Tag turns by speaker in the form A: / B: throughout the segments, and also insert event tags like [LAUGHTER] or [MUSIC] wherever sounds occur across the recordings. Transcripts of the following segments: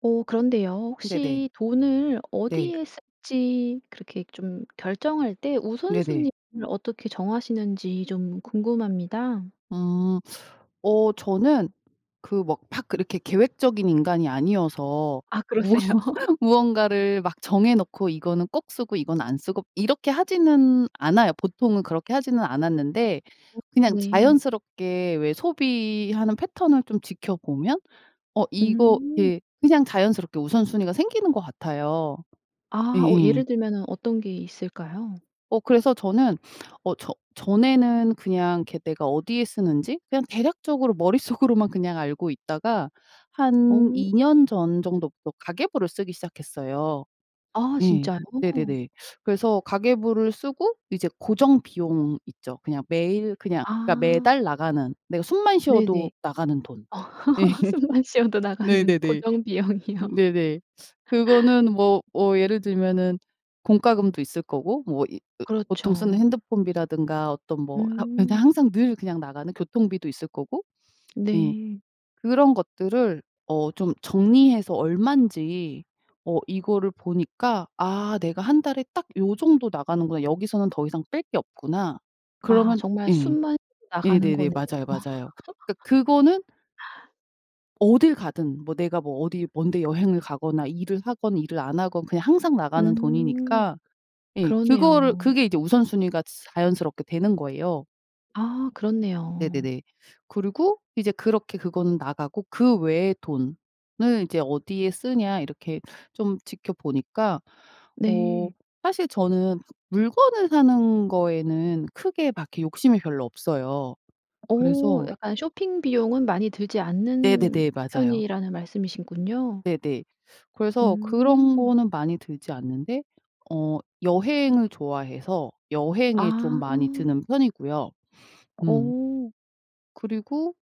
A: 어 그런데요.
B: 네네.
A: 혹시 돈을
B: 네.
A: 어디에 쓸지 그렇게 좀 결정할 때
B: 네네.
A: 우선순위를 어떻게 정하시는지 좀 궁금합니다.
B: 음. 어 저는 그 막 막 그렇게 계획적인 인간이 아니어서
A: 아
B: 무언
A: 그러세요. [LAUGHS]
B: 무언가를 막 정해 놓고 이거는 꼭 쓰고 이건 안 쓰고 이렇게 하지는 않아요. 보통은 그렇게 하지는 않았는데
A: 아
B: 그냥
A: 네.
B: 자연스럽게 왜 소비하는 패턴을 좀 지켜보면 어 이거
A: 음.
B: 이렇게 그냥 자연스럽게 우선순위가 생기는 것 같아요.
A: 아. 어
B: 예예.
A: 예를 들면은 어떤 게 있을까요?
B: 어 그래서 저는 [SNIFFS] 어 저 전에는 그냥 이렇게 내가 어디에 쓰는지 그냥 대략적으로 머릿속으로만 그냥 알고 있다가 한
A: 어.
B: 2 년 전 정도부터 가계부를 쓰기 시작했어요.
A: 아
B: 예.
A: 진짜요?
B: 네네네. 그래서 가계부를 쓰고 이제 고정비용 있죠. 그냥 매일 그냥 그러니까
A: 아.
B: 매달 나가는 내가 숨만
A: 네네.
B: 쉬어도 나가는 돈. 예.
A: [LAUGHS] 숨만 쉬어도 나가는
B: 네네네.
A: 고정비용이요.
B: 네네.
A: [LAUGHS]
B: 그거는 뭐 어 예를 들면은 공과금도 있을 거고 뭐 이 그 보통 쓰는
A: 그렇죠.
B: 핸드폰비라든가 어떤 뭐 항 그냥
A: 음.
B: 항상 늘 그냥 나가는 교통비도 있을 거고 예.
A: 네.
B: 그런 것들을 어 좀 정리해서 얼만지 어 이거를 보니까 '아 내가 1 달에 딱 요 정도 나가는구나. 여기서는 더 이상 뺄 게 없구나.'
A: 아
B: 그러면
A: 정말
B: 예.
A: 숨만 [UNINTELLIGIBLE] 나가는
B: 네네네.
A: 거네요.
B: 맞아요, 맞아요. 그러니까 그거는
A: [LAUGHS]
B: 어딜 가든 뭐 내가 뭐 어디 먼 데 여행을 가거나 일을 하건 일을 안 하건 그냥 항상 나가는
A: 음.
B: 돈이니까 예 그거를
A: 그러네요.
B: 그게 이제 우선순위가 츠 자연스럽게 되는 거예요.
A: 아 그렇네요.
B: 네네네. 그리고 이제 그렇게 그거는 나가고 '그 외의 돈을 이제 어디에 쓰냐.' 이렇게 좀 지켜보니까 어
A: 네.
B: 사실 저는 막 물건을 사는 거에는 크게 막 이렇게 욕심이 별로 없어요.
A: 어
B: 그래서
A: 약간 쇼핑 비용은 많이 들지 않는
B: 네네네. 맞아요.
A: 편이라는 말씀이시군요.
B: 네네. 그래서 그런
A: 음.
B: 거는 많이 들지 않는데 어 여행을 좋아해서 여행에 좀
A: 아.
B: 많이 드는 편이고요. 음.
A: 어.
B: 그리고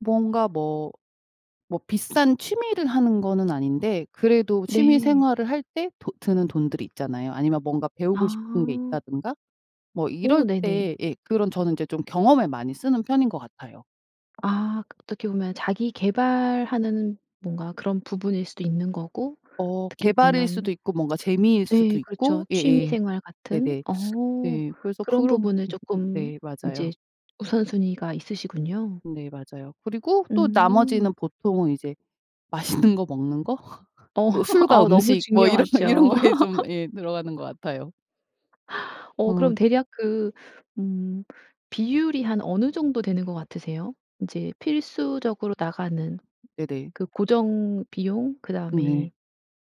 B: 뭔가 뭐, 뭐 비싼 취미를 하는 거는 아닌데 그래도
A: 네.
B: 취미생활을 할 때 도 드는 돈들이 있잖아요. 아니면 뭔가 배우고 싶은 게
A: 아.
B: 있다든가 뭐
A: 오
B: 이럴
A: 네네.
B: 때 예. 그런 저는 인제 좀 경험에 많이 쓰는 편인 것 같아요.
A: 아 그 어떻게 보면 자기 계발하는 뭔가 그런 부분일 수도 있는 거고
B: 어.
A: 어떻게
B: 계발일
A: 보면
B: 수도 있고 뭔가 재미일
A: 네.
B: 수도 있고
A: 그렇죠.
B: 예예.
A: 취미생활 같은
B: 네네.
A: 어
B: 네. 그래서
A: 그런
B: 그런
A: 부분을
B: 음음.
A: 쪼끔
B: 네.
A: 이제
B: 맞아요.
A: 우선순위가 있으시군요.
B: 네. 맞아요. 그리고 또
A: 음.
B: 나머지는 보통은 이제 맛있는 거 먹는 거? [LAUGHS]
A: 어.
B: 또
A: [LAUGHS]
B: 술과
A: 어우 너무
B: 음식 뭐 이런 거 이런
A: 중요하죠.
B: 거에 좀 예. 들어가는 것 같아요.
A: [LAUGHS] 어
B: 음.
A: 그럼 대략 그 음 비율이 한 어느 정도 되는 것 같으세요? 이제 필수적으로 나가는
B: 네네.
A: 그 고정비용
B: 음 네.
A: 그다음에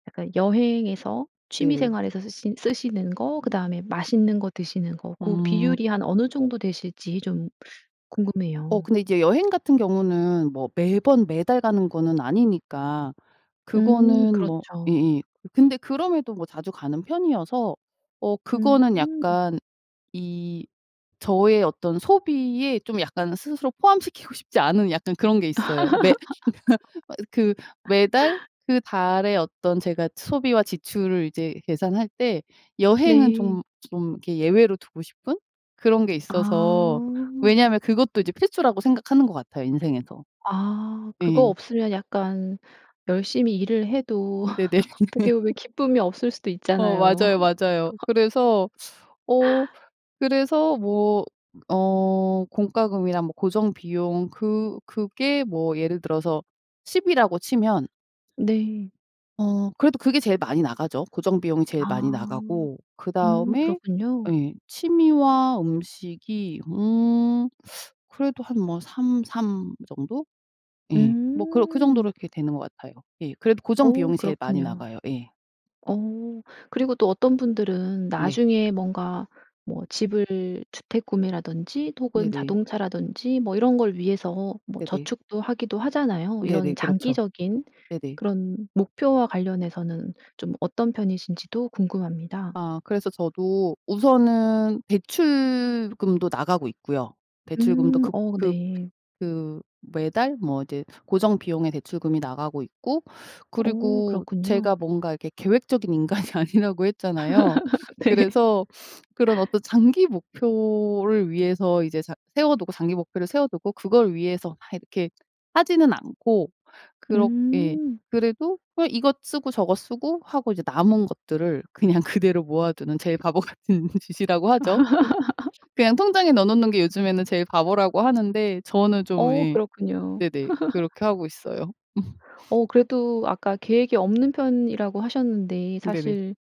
A: 약간 여행에서
B: 네네.
A: 취미생활에서 쓰시는 쓰시는 거 그다음에 맛있는 거 드시는 거 고
B: 음.
A: 비율이 한 어느 정도 되실지 좀
B: 어
A: 궁금해요.
B: 근데 이제 여행 같은 경우는 뭐 매번 매달 가는 거는 아니니까.
A: 음
B: 그거는 뭐
A: 그렇죠.
B: 예예. 근데 그럼에도 뭐 자주 가는 편이어서 어 그거는
A: 음.
B: 약간 이 저의 어떤 소비에 좀 약간 스스로 포함시키고 싶지 않은 약간 그런 게 있어요. 매 [LAUGHS] 어 그 매달
A: [LAUGHS]
B: 그 달의 어떤 제가 소비와 지출을 이제 계산할 때 여행은
A: 네.
B: 좀 좀 이렇게 예외로 두고 싶은 그런 게 있어서
A: 아.
B: 왜냐하면 그것도 이제 필수라고 생각하는 것 같아요, 인생에서.
A: 아. 그거
B: 예.
A: 없으면 약간 열심히 일을 해도
B: 네네.
A: [LAUGHS] 어떻게
B: [LAUGHS]
A: 보면 기쁨이 없을 수도
B: 어
A: 있잖아요.
B: 맞아요, 맞아요.
A: [LAUGHS]
B: 그래서 어 그래서 뭐 어 공과금이랑 뭐 고정비용 그 그게 뭐 예를 들어서 10 이라고 치면
A: 네.
B: 어 그래도 그게 제일 많이 나가죠, 고정 비용이 제일 많이
A: 아.
B: 나가고
A: 음
B: 그다음에
A: 그렇군요.
B: 예. 취미와 음식이 음 그래도 한 뭐 3, 3 정도? 예. 뭐 그 그 정도로
A: 음.
B: 이렇게 되는 것 같아요. 예. 그래도 고정
A: 어
B: 비용이 제일 많이
A: 그렇군요.
B: 나가요. 예.
A: 어 그리고 또 어떤 분들은
B: 네.
A: 나중에 뭔가 뭐 집을 주택 구매라든지 혹은
B: 네네.
A: 자동차라든지 뭐 이런 걸 위해서 뭐
B: 네네.
A: 저축도 하기도 하잖아요.
B: 네네.
A: 이런
B: 그렇죠.
A: 장기적인
B: 네네.
A: 그런 목표와 관련해서는 좀 어떤 편이신지도 궁금합니다.
B: 아. 그래서 저도 우선은 대출금도 나가고 있고요. 대출금도
A: 음.
B: 급
A: 어
B: 급
A: 네.
B: 그 매달 뭐 이제 고정 비용의 대출금이 나가고 있고
A: 어
B: 그리고
A: 그렇군요.
B: 제가 뭔가 이렇게 계획적인 인간이 아니라고 했잖아요.
A: [LAUGHS] 네.
B: 그래서 그런 어떤 장기 목표를 위해서 이제 장 세워두고, 장기 목표를 세워두고 그걸 위해서 막 이렇게 하지는 않고 그렇 예.
A: 음.
B: 그래도 그냥 이것 쓰고 저것 쓰고 하고 이제 남은 것들을 그냥 그대로 모아두는 제일 바보 같은 짓이라고 하죠.
A: [LAUGHS]
B: [LAUGHS] 그냥 통장에 넣어 놓는 게 요즘에는 제일 바보라고 하는데 저는 좀
A: 어
B: 예.
A: 그렇군요.
B: 네네.
A: [LAUGHS]
B: 그렇게 하고 있어요. 음.
A: 어 그래도 아까 계획이 없는 편이라고 하셨는데
B: 네네.
A: 사실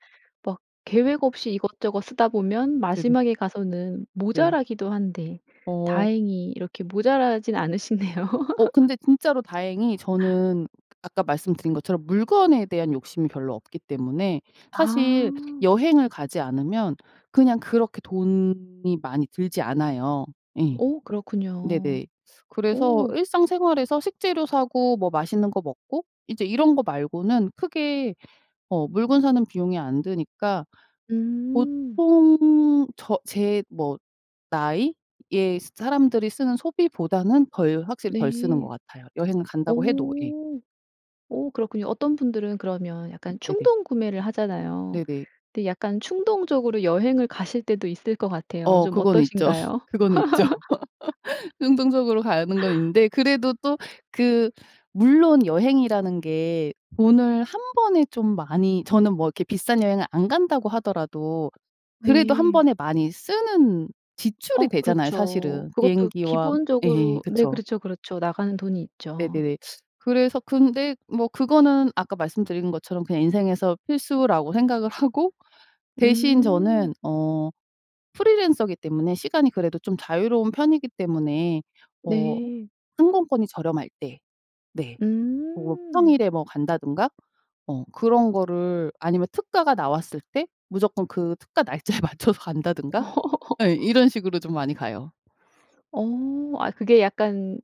A: 막 계획 없이 이것저것 쓰다 보면
B: 네네.
A: 마지막에 가서는
B: 네.
A: 모자라기도 한데
B: 어.
A: 다행히 이렇게 모자라진 않으시네요.
B: 어
A: [LAUGHS]
B: 근데 진짜로 다행히 저는 아까 말씀드린 것처럼 물건에 대한 욕심이 별로 없기 때문에 사실
A: 아.
B: 여행을 가지 않으면 그냥 그렇게 돈이 많이 들지 않아요. 예.
A: 오 그렇군요.
B: 네네 그래서
A: 오.
B: 일상생활에서 식재료 사고 뭐 맛있는 거 먹고 이제 이런 거 말고는 크게 어 물건 사는 비용이 안 드니까
A: 음.
B: 보통 저 제 뭐 나이에 스 사람들이 쓰는 소비보다는 덜 확실히 덜 쓰는 것
A: 네.
B: 같아요, 여행 간다고 해도 예.
A: 오. 오 그렇군요. 어떤 분들은 그러면 약간
B: 네네.
A: 충동구매를 하잖아요.
B: 네네.
A: 근데 약간 충동적으로 여행을 가실 때도 있을 것 같아요.
B: 어
A: 좀
B: 그거는 있죠, [LAUGHS]
A: 어떠신가요?
B: 그거는 있죠.
A: [LAUGHS]
B: [LAUGHS] 충동적으로 가는 건 있는데 그래도 또 그 물론 여행이라는 게 돈을 1 번에 좀 많이 저는 뭐 이렇게 비싼 여행을 안 간다고 하더라도 그래도 1
A: 네.
B: 번에 많이 쓰는 지출이
A: 어
B: 되잖아요,
A: 그렇죠.
B: 사실은.
A: 그것도
B: 비행기와 예.
A: 기본적으로 네.
B: 그쵸.
A: 그렇죠, 그렇죠. 나가는 돈이 있죠.
B: 네네네. 그래서 근데 뭐 그거는 아까 말씀드린 것처럼 그냥 인생에서 필수라고 생각을 하고 대신
A: 음.
B: 저는 어 프리랜서기 때문에 시간이 그래도 좀 자유로운 편이기 때문에 뭐
A: 네.
B: 항공권이 저렴할 때 네. 뭐
A: 음.
B: 평일에 뭐 간다든가 어 그런 거를 아니면 특가가 나왔을 때 무조건 그 특가 날짜에 맞춰서 간다든가 예. 이런
A: [LAUGHS]
B: 식으로 좀 많이 가요.
A: 어. 아 그게 약간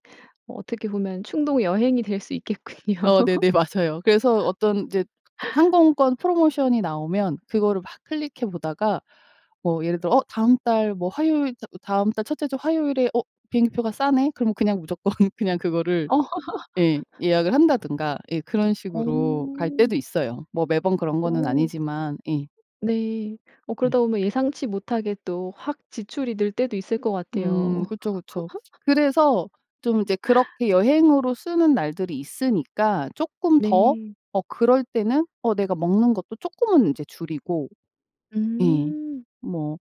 A: 어떻게 보면 충동 여행이 될 수 있겠군요.
B: 어 네네. 맞아요. 그래서 어떤 이제 하
A: [LAUGHS]
B: 항공권 프로모션이 나오면 그거를 막 클릭해 보다가 뭐 예를 들어 '어 다음 달 뭐 화요일 다 다음 달 첫째 주 화요일에 어 비행기표가 싸네?' 그럼 그냥 무조건 그냥 그거를 예.
A: [LAUGHS]
B: 예약을 한다든가 예. 그런 식으로 갈
A: 어.
B: 때도 있어요, 뭐 매번 그런 거는
A: 어.
B: 아니지만 예.
A: 네. 어
B: 네.
A: 그러다 보면 예상치 못하게 또 확 지출이 늘 때도 있을 것
B: 음.
A: 같아요.
B: 그쵸, 그쵸.
A: [LAUGHS]
B: 그래서 좀 이제 그렇게 여행으로 쓰는 날들이 있으니까 쪼끔 더
A: 네.
B: 어 그럴 때는 어 내가 먹는 것도 쪼끔은 인제 줄이고 예.
A: 음.
B: 뭐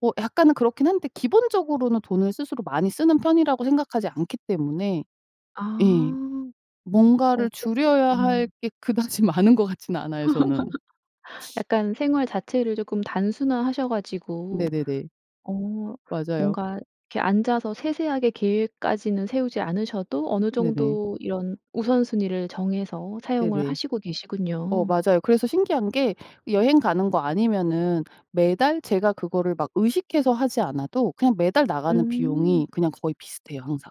B: 어 약간은 그렇긴 한데 기본적으로는 돈을 스스로 많이 쓰는 편이라고 생각하지 않기 때문에 예.
A: 아. 어
B: 뭔가를
A: 그렇군
B: 줄여야 할
A: 음.
B: 게 그다지 많은 것 같지는 않아요, 저는.
A: [LAUGHS] 약간 생활 자체를 조끔 단순화 하셔 가지고
B: 네네네.
A: 어
B: 맞아요.
A: 뭔가 이렇게 앉아서 세세하게 계획까지는 세우지 않으셔도 어느
B: 네네.
A: 정도 이런 우선순위를 정해서 사용을
B: 네네.
A: 하시고
B: 어
A: 계시군요.
B: 맞아요. 그래서 신기한 게 여행 가는 거 아니면은 매달 제가 그거를 막 의식해서 하지 않아도 그냥 매달 나가는
A: 음.
B: 비용이 그냥 거의 비슷해요, 항상.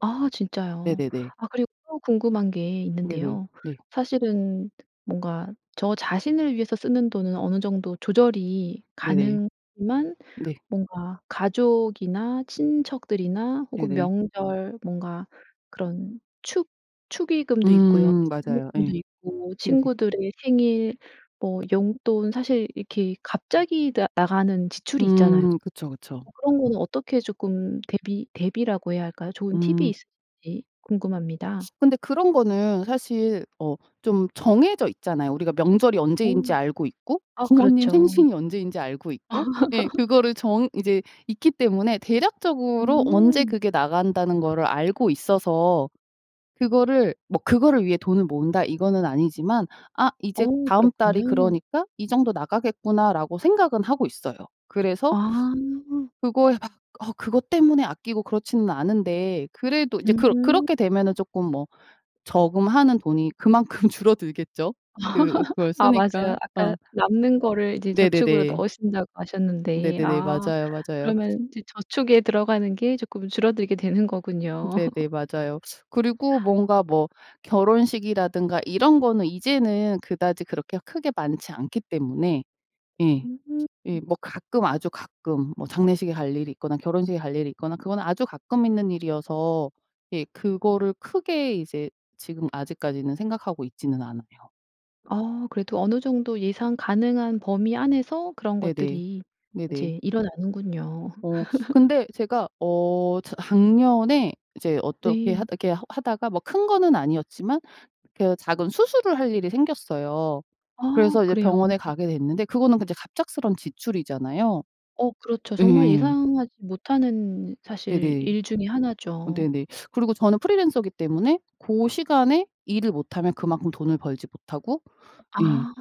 A: 아 진짜요.
B: 네네네.
A: 아 그리고 또 궁금한 게
B: 네네.
A: 있는데요.
B: 네.
A: 사실은 뭔가 저 자신을 위해서 쓰는 돈은 어느 정도 조절이
B: 네네.
A: 가능하지만
B: 네.
A: 뭔가 가족이나 친척들이나 혹은
B: 네네.
A: 명절 뭔가 그런 축 축의금도 있고요.
B: 음. 맞아요.
A: 축의금도
B: 예.
A: 있고
B: 네네.
A: 친구들의 생일 뭐 용돈 사실 이렇게 갑자기 나 나가는 지출이 있잖아요.
B: 음. 그쵸. 그쵸.
A: 어 그런 거는 어떻게 조끔 대비, 대비라고 해야 할까요? 좋은 팁이
B: 음.
A: 있으신지 궁금합니다.
B: 근데 그런 거는 사실 어 좀 정해져 있잖아요. 우리가 명절이
A: 아.
B: 언제인지 알고 있고
A: 아
B: 부모님
A: 그렇죠.
B: 생신이 언제인지 알고 있고 예.
A: [LAUGHS]
B: 그거를 정 이제 있기 때문에 대략적으로 언제
A: 음.
B: 그게 나간다는 거를 알고 있어서 그거를 뭐 '그거를 위해 돈을 모은다.' 이거는 아니지만 아 '이제
A: 어
B: 다음 달이
A: 그렇군요.
B: 그러니까 이 정도 나가겠구나.'라고 생각은 하고 있어요. 그래서
A: 아.
B: 그거에 막 어 그것 때문에 아끼고 그렇지는 않은데 그래도 이제 그렇
A: 으음.
B: 그렇게 되면은 조끔 뭐 저금하는 돈이 그만큼 줄어들겠죠, 그 그걸
A: [LAUGHS] 아 맞아요.
B: 쓰니까.
A: 아까
B: 어.
A: 남는 거를 이제 저축으로
B: 네네네.
A: 넣으신다고 하셨는데
B: 네네네.
A: 아
B: 맞아요, 맞아요.
A: 그러면 이제 저축에 들어가는 게 조끔 줄어들게 되는 거군요.
B: 네네.
A: [LAUGHS]
B: 맞아요. 그리고 뭔가 뭐 결혼식이라든가 이런 거는 이제는 그다지 그렇게 크게 많지 않기 때문에 예.
A: 음.
B: 예. 뭐 가끔 아주 가끔 뭐 장례식에 갈 일이 있거나 결혼식에 갈 일이 있거나 그건 아주 가끔 있는 일이어서 예. 그거를 크게 이제 지금 아직까지는 생각하고 있지는 않아요.
A: 어 그래도 어느 정도 예상 가능한 범위 안에서 그런
B: 네네.
A: 것들이
B: 네네.
A: 인제 일어나는군요.
B: 어
A: [LAUGHS]
B: 근데 제가 어 저 작년에 이제 어떻게 하다
A: 네.
B: 이렇게 하 하다가 뭐 큰 거는 아니었지만 그 작은 수술을 할 일이 생겼어요.
A: 어.
B: 그래서 이제
A: 그래요.
B: 병원에 가게 됐는데 그거는 그 이제 갑작스러운 지출이잖아요.
A: 어 그렇죠. 정말
B: 예예.
A: 예상하지 못하는 사실
B: 네네.
A: 일 중에 1
B: 어
A: 죠.
B: 네네. 그리고 저는 프리랜서기 때문에 고 시간에 일을 못하면 그만큼 돈을 벌지 못하고 예
A: 아.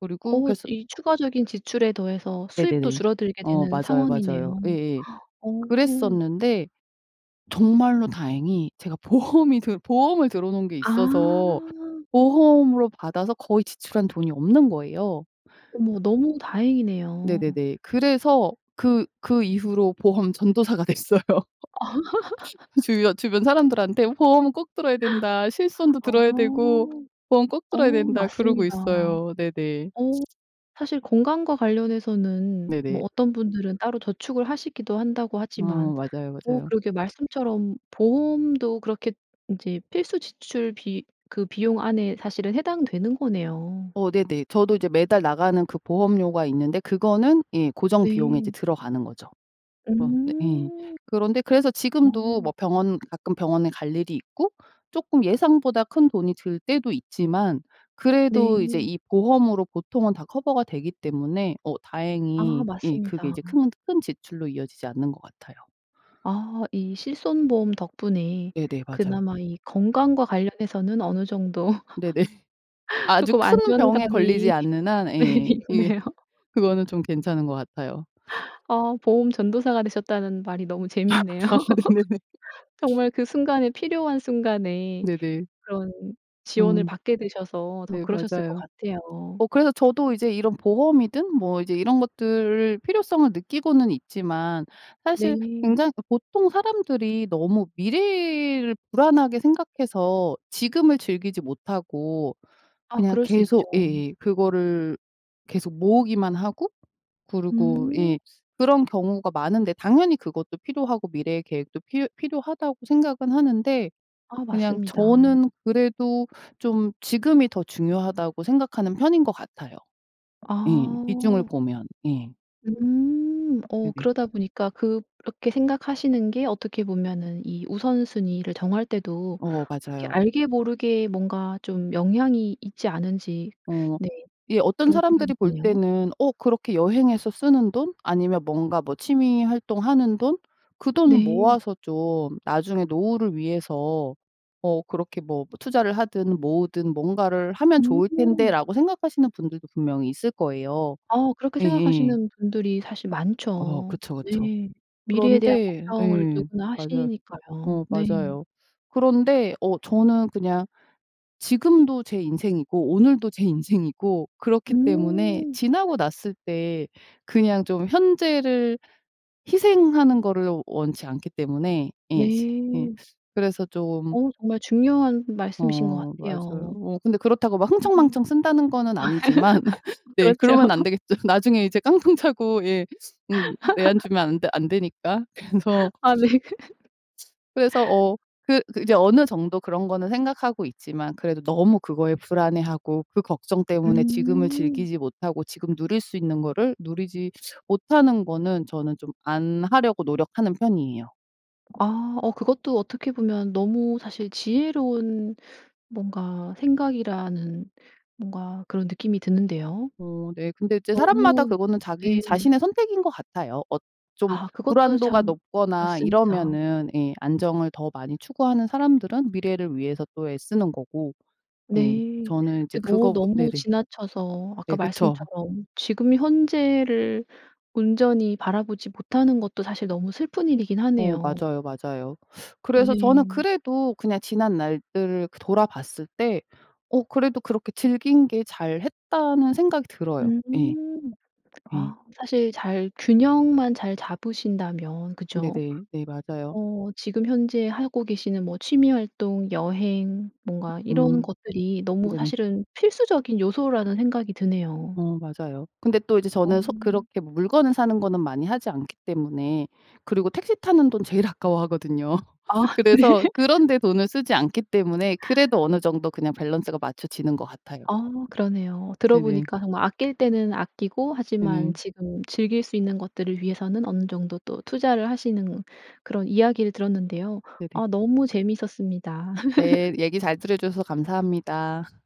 B: 그리고
A: 어
B: 그래서
A: 이 추가적인 지출에 더해서 수입도
B: 네네네.
A: 줄어들게
B: 어
A: 되는
B: 맞아요. 맞아요.
A: 상황이네요.
B: 예예.
A: [GASPS] 어.
B: 그랬었는데 정말로 다행히 제가 보험이 들 보험을 들어 놓은 게 있어서
A: 아.
B: 보험으로 받아서 거의 지출한 돈이 없는 거예요.
A: 어머. 너무 다행이네요.
B: 네네네. 그래서 그 그 이후로 보험 전도사가 됐어요. 주변
A: [LAUGHS]
B: 주변 사람들한테 "보험은 꼭 들어야 된다. 실손도
A: 어.
B: 들어야 되고 보험 꼭
A: 어
B: 들어야 된다." 그러고
A: 맞습니다.
B: 있어요. 네네.
A: 어 사실 건강과 관련해서는
B: 네네.
A: 뭐 어떤 분들은 따로 저축을 하시기도 한다고
B: 어
A: 하지만
B: 맞아요,
A: 오
B: 맞아요.
A: 그러게 말씀처럼 보험도 그렇게 인제 필수 지출비 그 비용 안에 사실은 해당되는 거네요.
B: 어 네네. 저도 이제 매달 나가는 그 보험료가 있는데 그거는 예 고정 비용에 이제
A: 네.
B: 들어가는 거죠. 그런 네 예.
A: 음.
B: 그런데 그래서 지금도
A: 어.
B: 뭐 병원, 가끔 병원에 갈 일이 있고 쪼끔 예상보다 큰돈이 들 때도 있지만 그래도 이제
A: 네.
B: 이 보험으로 보통은 다 커버가 되기 때문에 어
A: 아
B: 다행히 예 그게
A: 맞습니다.
B: 이제 큰 큰 지출로 이어지지 않는 것 같아요.
A: 아. 이 실손 보험 덕분에
B: 네네. 맞아요.
A: 그나마 이 건강과 관련해서는 어느 정도
B: 네네.
A: [LAUGHS]
B: 아주
A: 쪼끔
B: 큰 병에 걸리지
A: 안전감이
B: 않는 한
A: 네
B: 예 이게
A: 있네요.
B: 그거는 좀 괜찮은 것 같아요.
A: 어 보험 전도사가 되셨다는 말이 너무
B: [LAUGHS]
A: 재미있네요.
B: 아 네네.
A: [LAUGHS] 정말 그 순간에, 필요한 순간에
B: 네네.
A: 그런 지원을
B: 음
A: 받게 되셔서 더
B: 네.
A: 그러셨을 것
B: 맞아요.
A: 같아요.
B: 어 그래서 저도 이제 이런 보험이든 뭐 이제 이런 것들을 필요성을 느끼고는 있지만 사실
A: 네.
B: 굉장히 보통 사람들이 너무 미래를 불안하게 생각해서 지금을 즐기지 못하고
A: 어
B: 그냥
A: 그럴 수
B: 계속
A: 있죠.
B: 예예 그거를 계속 모으기만 하고 그리고
A: 음.
B: 예 그런 경우가 많은데 당연히 그것도 필요하고 미래의 계획도 필요 필요하다고 생각은 하는데
A: 아
B: 그냥
A: 맞습니다.
B: 저는 그래도 좀 지금이 더 중요하다고 생각하는 편인 것 같아요. 예. 비중을
A: 아.
B: 보면. 예.
A: 음. 어
B: 네네.
A: 그러다 보니까 '그렇게 생각하시는 게 어떻게 보면은 이 우선순위를 정할 때도
B: 어
A: 이렇게
B: 맞아요.
A: 알게 모르게 뭔가 좀 영향이 있지 않은지?'
B: 어
A: 네
B: 예. 어떤
A: 그런 생각이
B: 사람들이 볼
A: 드네요.
B: 때는 '어 그렇게 여행해서 쓰는 돈? 아니면 뭔가 뭐 취미 활동하는 돈? 그 돈
A: 네.
B: 모아서 좀 나중에 노후를 위해서 어 그렇게 뭐 투자를 하든 모으든 뭔가를 하면 좋을
A: 음.
B: 텐데.'라고 생각하시는 분들도 분명히 있을 거예요.
A: 어 그렇게
B: 예예.
A: 생각하시는 분들이 사실
B: 어
A: 많죠.
B: 그쵸, 그쵸.
A: 네. 미래에 대한
B: 그런데
A: 걱정을
B: 예.
A: 누구나
B: 맞아요. 어
A: 하시니까요. 네.
B: 맞아요. 그런데 어 저는 그냥 지금도 제 인생이고 오늘도 제 인생이고 그렇기 때문에
A: 음.
B: 지나고 났을 때 그냥 좀 현재를 희생하는 거를 원치 않기 때문에 예 지 예
A: 네.
B: 그래서 좀
A: 어 정말 중요한 말씀이신 것
B: 어 맞아요.
A: 같아요.
B: 어 근데 그렇다고
A: [UNINTELLIGIBLE]
B: 막
A: [LAUGHS]
B: 흥청망청 쓴다는 거는 아니지만 [LAUGHS] 네
A: 그렇죠.
B: 그러면 안
A: [LAUGHS]
B: 되겠죠. 나중에 이제 깡통 차고 예 음 내 앉으면
A: [LAUGHS]
B: 안 되 안 되니까 그래서
A: 아 네.
B: 그래서
A: [LAUGHS]
B: 어 그 그 이제 어느 정도 그런 거는 생각하고 있지만 그래도 너무 그거에 불안해하고 그 걱정 때문에 지금을
A: 음.
B: 즐기지 못하고 지금 누릴 수 있는 거를 누리지 못하는 거는 저는 좀 안 하려고 노력하는 편이에요.
A: 아. 어 그것도 어떻게 보면 너무 사실 지혜로운 뭔가 생각이라는 뭔가 그런 느낌이 드는데요.
B: 어 네. 근데 이제 사람마다
A: 너무
B: 그거는 자기
A: 네.
B: 자신의 선택인 것 같아요. 어 좀
A: 아 그것도
B: 불안도가
A: 참
B: 높거나
A: 그렇습니다.
B: 이러면은 예 안정을 더 많이 추구하는 사람들은 미래를 위해서 또 애쓰는 거고 예
A: 네.
B: 저는 이제
A: 근데 어
B: 그거보
A: 너무
B: 네네.
A: 지나쳐서
B: 네.
A: 아까
B: 그쵸.
A: 말씀처럼 지금 현재를 온전히 바라보지 못하는 것도 사실 너무 슬픈 일이긴
B: 어
A: 하네요.
B: 맞아요, 맞아요. 그래서 저는
A: 네.
B: 그래도 그냥 지난날들을 그 돌아봤을 때 어 그래도 그렇게 즐긴 게 잘했다는 생각이 들어요.
A: 음.
B: 예. 예.
A: 아 사실 잘 균형만 잘 잡으신다면 그죠?
B: 네네. 네. 맞아요.
A: 어 지금 현재 하고 계시는 뭐 취미 활동, 여행 뭔가 이런
B: 음.
A: 것들이 너무
B: 네네.
A: 사실은 필수적인 요소라는 생각이 드네요.
B: 어 맞아요. 근데 또 이제 저는 소
A: 어.
B: 그렇게 뭐 물건을 사는 거는 많이 하지 않기 때문에 그리고 택시 타는 돈 제일 아까워하거든요.
A: 아 네.
B: 그래서 그런 데 돈을 쓰지 않기 때문에 그래도 어느 정도 그냥 밸런스가 맞춰지는 것 같아요.
A: 아 그러네요. 들어
B: 네네.
A: 보니까 정말 아낄 때는 아끼고 하지만
B: 네네.
A: 지금 즐길 수 있는 것들을 위해서는 어느 정도 또 투자를 하시는 그런 이야기를 들었는데요.
B: 네네.
A: 아 너무 재미있었습니다.
B: 네.
A: [LAUGHS]
B: 얘기 잘 들어 주셔서 감사합니다.